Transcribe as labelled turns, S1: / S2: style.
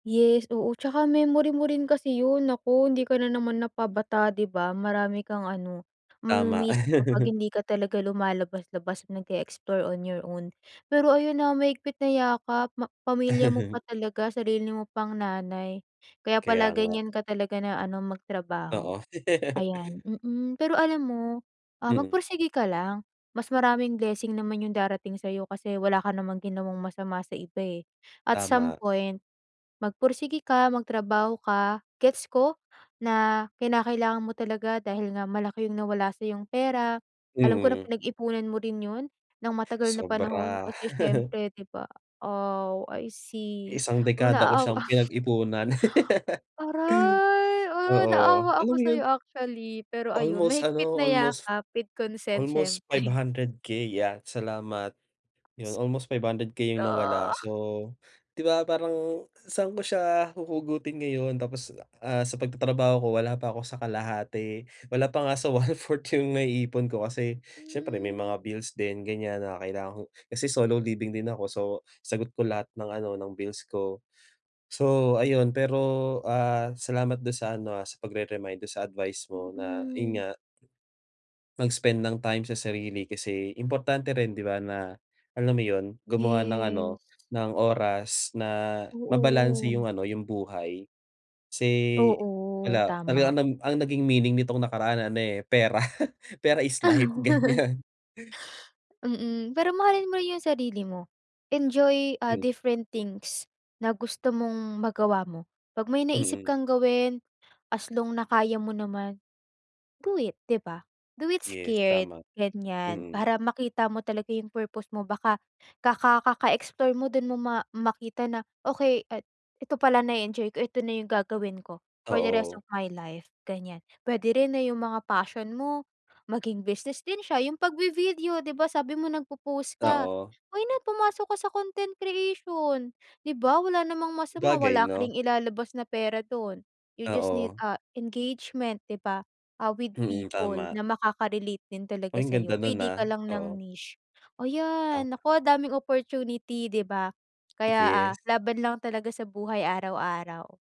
S1: Yes, oo. Tsaka memory mo rin kasi 'yon naku hindi ka na naman na pabata di ba? Marami kang ano
S2: Tama.
S1: mamimiss kapag hindi ka talaga lumalabas-labas, nag-eexplore on your own. Pero ayon, ha mahigpit na yakap ma pamilya mo pa talaga, sarili mo pang nanay kaya
S2: Kaya
S1: pala
S2: nga.
S1: ganyan ka talaga na ano, magtrabaho
S2: Oo.
S1: ayan. Mm, pero alam mo, ah,
S2: Mhm.
S1: magpursige ka lang, mas maraming blessing naman yung darating sa'yo kasi wala ka namang ginawang masama sa iba, eh. At some
S2: Tama.
S1: point magpursige ka, magtrabaho ka gets ko na kinakailangan mo talaga dahil nga malaki yung nawala sa 'yong pera, alam ko na
S2: Mhm.
S1: pinag-ipunan mo rin yon ng matagal na panahon
S2: Sobra.
S1: kasi syempre di ba? Aw, I see.
S2: Isang
S1: Oh,
S2: dekada ko
S1: naaawa.
S2: siyang pinag-ipunan.
S1: Aray! Ah,
S2: Oo,
S1: naaawa
S2: alam
S1: ako
S2: mo yon?
S1: sayo actually, pero ayon
S2: Almost
S1: mahigpit
S2: ano,
S1: na
S2: almost
S1: yakap with consent
S2: almost five
S1: siyempre.
S2: hundred K 'yan, salamat yon almost 500k yung nawala
S1: Ah!
S2: so, di ba parang saan ko siya huhugutin ngayon tapos, ah, sa pagtatrabaho ko wala pa ako sa kalahati, wala pa nga sa one fourth 1/4 yung naiipon ko kasi siyempre may
S1: Hmm.
S2: mga bills din ganyan na kailangan ko. Kasi solo living din ako so, sagot ko lahat ng ano ng bills ko. So, ayun pero, ah, salamat don sa ano, ah, sa pagre-remind do'n sa advice mo na yon
S1: Mhm.
S2: nga. Mag-spend ng time sa sarili kasi importante rin di ba na alam mo yon, gumawa ng
S1: Yes.
S2: ano, ng oras na mabalanse yung
S1: Oo.
S2: ano yung buhay kasi
S1: Oo,
S2: wala talaga
S1: tama.
S2: ang nam ang naging meaning nitong nakaraan ano, eh pera. Pera is life ganiyan
S1: Mm, pero mahalin mo rin yung sarili mo, enjoy, ah,
S2: Hmm.
S1: different things na gusto mong magawa mo. 'Pag may naisip
S2: Mm.
S1: kang gawin as long na kaya mo naman do it, di ba? Do it
S2: Yes,
S1: scared,
S2: tama.
S1: ganyan.
S2: Mm.
S1: Para makita mo talaga yung purpose mo baka kaka kaka-explore mo don mo ma makita na okey at ito pala na-eenjoy ko, ito na yung gagawin ko for the rest
S2: Oo.
S1: of my life ganyan. Pwede rin 'no yung mga passion mo maging business din siya yung 'pag vi-video di ba? Sabi mo nagpopost ka,
S2: Oo.
S1: why not pumasok ka sa content creation di ba wala namang masama,
S2: Sabagay
S1: wala ka
S2: 'no?
S1: ring ilalabas na pera do'n. You just need,
S2: Oo.
S1: ah, engagement di ba, ah, with
S2: Mm,
S1: people
S2: tama.
S1: na makaka-relate din
S2: Oy,
S1: talaga
S2: ang ganda
S1: sa'yo
S2: no'n
S1: pili
S2: ah,
S1: ka lang
S2: oo.
S1: ng niche. Ayan,
S2: Tama.
S1: nako daming opportunity, di ba? Kaya, ah,
S2: Yes.
S1: laban lang talaga sa buhay araw-araw.